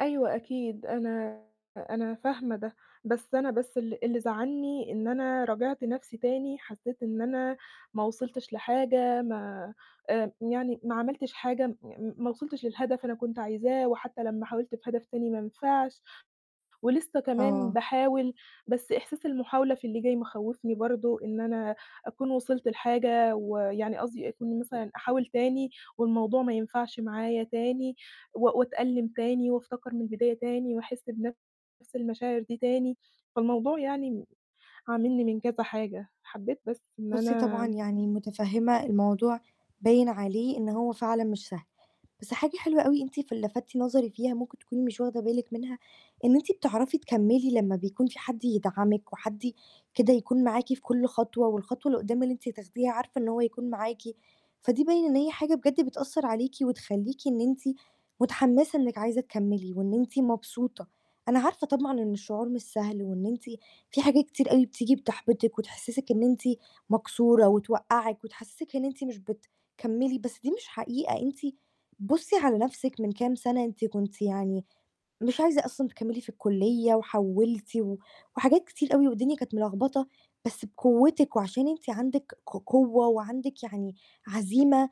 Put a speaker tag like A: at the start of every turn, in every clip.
A: أيوه، أكيد أنا أنا فاهمة ده، بس أنا بس ال اللي زعّلني إن أنا راجعت نَفسي تاني، حسيت إن أنا ما وصلتش لحاجة، ما آآ يعني ما عملتش حاجة م ما وصلتش للهدف أنا كنت عايزاه، وحتى لمّا حاولت في هدف تاني ما نفعش، ولسه كمان
B: آه
A: باحاول، بس إحساس المحاولة في اللي جاي مخوفني برضو، إن أنا أكون وصلت لحاجة ويعني قصدي أكون مثلًا أحاول تاني والموضوع ما ينفعش معايا تاني، و وأتألم تاني وافتكر من البداية تاني وأحس بنَفس المشاعر دي تاني، فالموضوع يعني م عاملني من كذا حاجة حبيت بس إن
B: بُصّي،
A: أنا
B: طبعًا يعني متفهّمة الموضوع باين عليه إن هو فعلًا مش سهل، بس حاجة حلوة أوي أنتِ ف لفتِّ نظري فيها ممكن تكوني مش واخدة بالِك منها، إن أنتِ بتعرفي تكمّلي لمّا بيكون فيه حد يدعمِك وحد ي كده يكون معاكِ في كُلّ خطوة، والخطوة اللي قدّام اللي أنتِ تاخديها عارفة إن هو هيكون معاكِ، فدي باين إن هي حاجة بجد بتأثر عليكِ، وتخّليكِ إن أنتِ متحمسة إنِك عايزة تكمّلي وإن أنتِ مبسوطة. أنا عارفة طبعًا إن الشعور مش سهل، وإن أنتِ فيه حاجات كتير أوي بتيجي بتحبطِك وتحسسِك إن أنتِ مكسورة وتوقّعِك وتحسسِك إن أنتِ مش بتكمّلي، بس دي مش حقيقة. أنتِ بُصّي على نَفسِك من كام سنة، أنتِ كنتِ يعني مش عايزة أصلًا تكمّلي في الكلية وحوّلتِ، و وحاجات كتير أوي والدنيا كانت ملخبطة، بس بقوتِك وعشان أنتِ عندِك ق قوة وعندِك يعني عزيمة،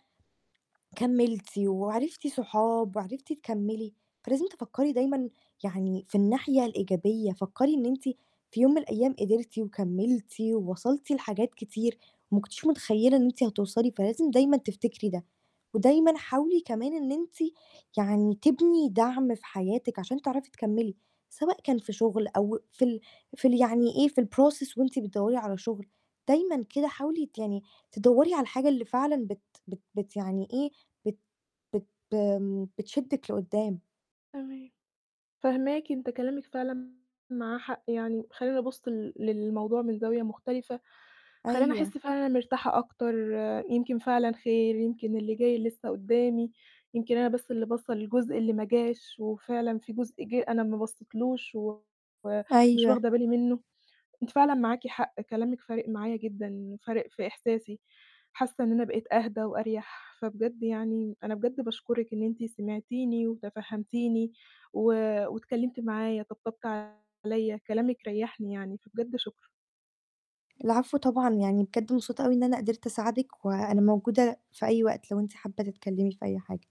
B: كمّلتِ وعرفتِ صحاب وعرفتِ تكمّلي، فلازم تفكري دايمًا يعني في الناحية الإيجابية، فكري إن أنتِ في يوم من الأيام قدرتِ وكمّلتِ ووصلتِ لحاجات كتير ما كنتيش متخيلة إن أنتِ هتوصلي، فلازم دايمًا تفتكري ده، ودايمًا حاولي كمان إن أنتِ يعني تبني دعم في حياتِك عشان تعرفي تكمّلي، سواء كان في شغل أو في ال في ال يعني إيه في الprocess وأنتِ بتدوّري على شغل، دايمًا كده حاولي ت يعني تدوّري على الحاجة اللي فعلًا بت بت بت يعني إيه، بت بت ب آمم، بتشدِك لقدّام.
A: تمام، فاهماكِ. أنتِ كلامِك فعلًا معاه حق يعني، خلّاني أبُصّ ل للموضوع من زاوية مختلفة، خلّاني أحس
B: أيوه.
A: فعلًا إن أنا مرتاحة أكتر، يمكن فعلًا خير، يمكن اللي جاي لسه قدّامي، يمكن أنا بس اللي باصّة للجزء اللي ما جاش، وفعلًا فيه جزء جِه أنا ما بصيتلوش و مش
B: أيوه.
A: واخدة بالي منه. أنتِ فعلًا معاكِ حق، كلامكِ فارق معايا جدًا، فارق في إحساسي. حاسة إن أنا بقيت أهدى وأريح، فبجد يعني أنا بجد باشكرِك إن أنتِ سمعتِني وتفهّمتِني و واتكلمتِ معايا، طبطبتِ عليَّ، كلامِك ريّحني يعني، فبجد شكرًا.
B: العفو طبعًا يعني بجد مبسوطة أوي إن أنا قدرت أساعدِك وأنا موجودة في أي وقت لو أنتِ حابة تتكلمي في أي حاجة.